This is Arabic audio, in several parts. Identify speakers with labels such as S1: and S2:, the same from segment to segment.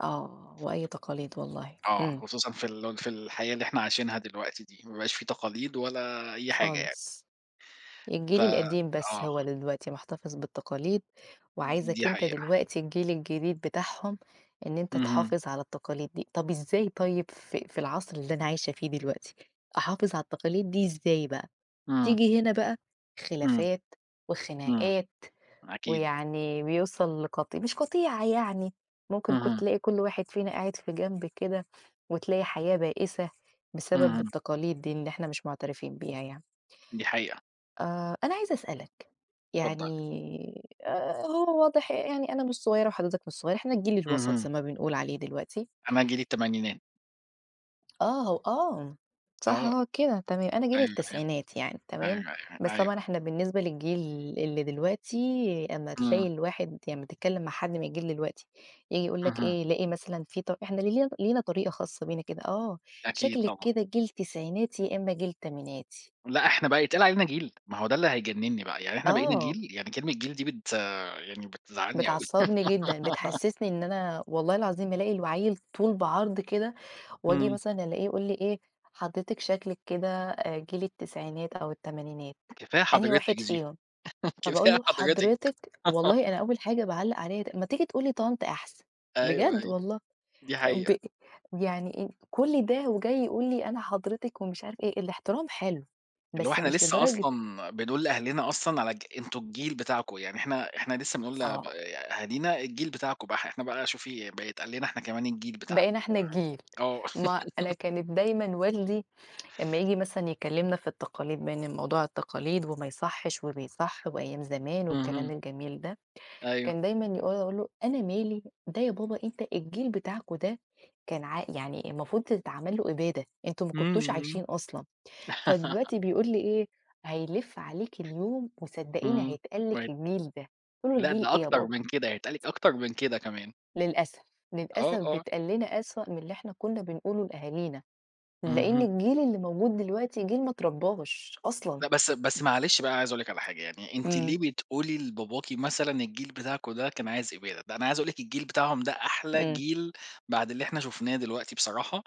S1: آه، وأي تقاليد والله.
S2: آه،
S1: إمم.
S2: خصوصًا في ال في الحياة اللي إحنا عايشينها دلوقتي دي، ما بقاش فيه تقاليد ولا أي حاجة يعني.
S1: خالص.
S2: ف
S1: الجيل القديم بس هو
S2: آه.
S1: اللي دلوقتي مُحتفِظ بالتقاليد، وعايزك
S2: دي
S1: أنت
S2: حقيقة.
S1: دلوقتي الجيل الجديد بتاعهم إن أنت
S2: اهم.
S1: تحافظ على التقاليد دي، طَب إزاي طيب في في العصر اللي أنا عايشة فيه دلوقتي، أحافظ على التقاليد دي إزاي بقى؟
S2: إمم.
S1: تيجي هنا بقى
S2: إمم.
S1: خلافات
S2: إمم.
S1: وخناقات،
S2: أكيد.
S1: ويعني بيوصل لقط مش قطيعة يعني، ممكن كنت
S2: اهم.
S1: تلاقي كل واحد فينا قاعد في جنب كده وتلاقي حياة بائِسة بسبب
S2: اهم.
S1: التقاليد دي اللي إحنا مش مُعترفين بيها يعني.
S2: دي حقيقة.
S1: آآ أنا عايزة أسألك، يعني
S2: اتفضّلي.
S1: آآ هو واضح يعني أنا مش صغيرة وحضرتك مش صغير، إحنا الجيل الوَسط
S2: اهم.
S1: زي ما بنقول عليه دلوقتي.
S2: أنا جيل التمانينات.
S1: آه، و آه. صح
S2: آه.
S1: هو كده، تمام. أنا جيل
S2: أيوه،
S1: التسعينات يعني
S2: أيوه.
S1: تمام،
S2: أيوه، أيوه،
S1: بس
S2: أيوه.
S1: طبعًا إحنا بالنسبة للجيل اللي دلوقتي أمّا تلاقي
S2: إمم.
S1: الواحد يعني أمّا تتكلّم مع حد من الجيل دلوقتي، ييجي يقول لك
S2: اهم.
S1: إيه، يلاقي مثلًا فيه طر إحنا لي لينا طريقة خاصة بينا كده. آه،
S2: أكيد
S1: "شكلِك
S2: طبعًا.
S1: كده جيل تسعيناتي يا إمّا جيل تمانيناتي".
S2: لأ، إحنا بقى يتقال علينا جيل! ما هو ده اللي هيجنّني بقى، يعني إحنا بقينا
S1: آه.
S2: جيل! يعني كلمة جيل دي بت يعني بتزعّلني أوي.
S1: بتعصّبني جدًا، بتحسِّسني إن أنا والله العظيم ألاقي العيِّل طول بعرض كده وآجي
S2: إمم.
S1: مثلًا ألاقيه يقول لي إيه: "حضرتِك شكلِك كده آآ جيل التسعينات أو التمانينات،
S2: كفاية
S1: أنهي
S2: حضرتِك
S1: واحد
S2: دي.
S1: فيهم؟" فباقول
S2: كفاية
S1: له:
S2: حضرتِك.
S1: "حضرتِك!"، والله أنا أول حاجة باعلَّق عليها د "ما تيجي تقول لي طنط أحسن!
S2: أيوه،
S1: بجد
S2: أيوه.
S1: والله".
S2: دي
S1: آآ
S2: حقيقة.
S1: وب يعني إيه كل ده وجاي يقول لي أنا حضرتِك ومش عارف إيه، الاحترام حلو،
S2: اللي هو
S1: بس
S2: إحنا
S1: مش
S2: لسّه
S1: لدرجة
S2: أصلًا بنقول لأهلنا أصلًا على الج: "أنتم الجيل بتاعكم"، يعني إحنا إحنا لسّه بنقول ل ب
S1: آه.
S2: أهالينا "الجيل بتاعكم بح،" إحنا بقى شوفي بقى يتقال لنا إحنا كمان "الجيل بتاعنا."
S1: بقينا إحنا الجيل.
S2: ف آه.
S1: ما أنا كانت دايمًا والدي أمّا ييجي مثلًا يكلّمنا في التقاليد بإن موضوع التقاليد وما يصحِّش وبيصح وأيام زمان والكلام
S2: اهم.
S1: الجميل ده،
S2: أيوه.
S1: كان دايمًا يقول أقول له: "أنا مالي، ده يا بابا أنت الجيل بتاعكم ده كان عا يعني المفروض تتعمل له إبادة، أنتم ما
S2: إمم،
S1: كنتوش
S2: إمم.
S1: عايشين أصلًا." فدلوقتي بيقول لي إيه: "هيلِف عليكِ اليوم وصدّقيني
S2: إمم.
S1: هيتقال لِك
S2: [unintelligible]
S1: الجيل ده."، قُلت له:
S2: لأ
S1: "جيل
S2: ده
S1: إيه يا
S2: أكتر
S1: بابا؟"
S2: من كده، هيتقال لِك أكتر من كده كمان.
S1: للأسف،
S2: آه،
S1: للأسف
S2: آه.
S1: بيتقال لنا أسوأ من اللي إحنا كنّا بنقوله لأهالينا، لإن
S2: اهم.
S1: الجيل اللي موجود دلوقتي، جيل ما اتربّاش أصلًا.
S2: لأ، بس بس معلش بقى أنا عايز أقول لِك على حاجة يعني، أنتِ
S1: إمم.
S2: ليه بتقولي لباباكِ مثلًا: "الجيل بتاعكم ده كان عايز إبادة"؟ ده أنا عايز أقول لِك الجيل بتاعهم ده أحلى
S1: إمم.
S2: جيل بعد اللي إحنا شُفناه دلوقتي بصراحة،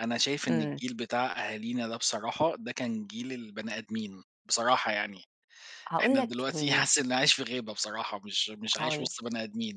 S2: أنا شايف إن
S1: إمم.
S2: الجيل بتاع أهالينا ده بصراحة ده كان جيل البني آدمين، بصراحة يعني،
S1: هاقول
S2: إحنا
S1: لك
S2: دلوقتي
S1: لي
S2: حاسِس إنّي عايش في غابة بصراحة مش مش عايش
S1: هاقول لك.
S2: وِسط بني آدمين.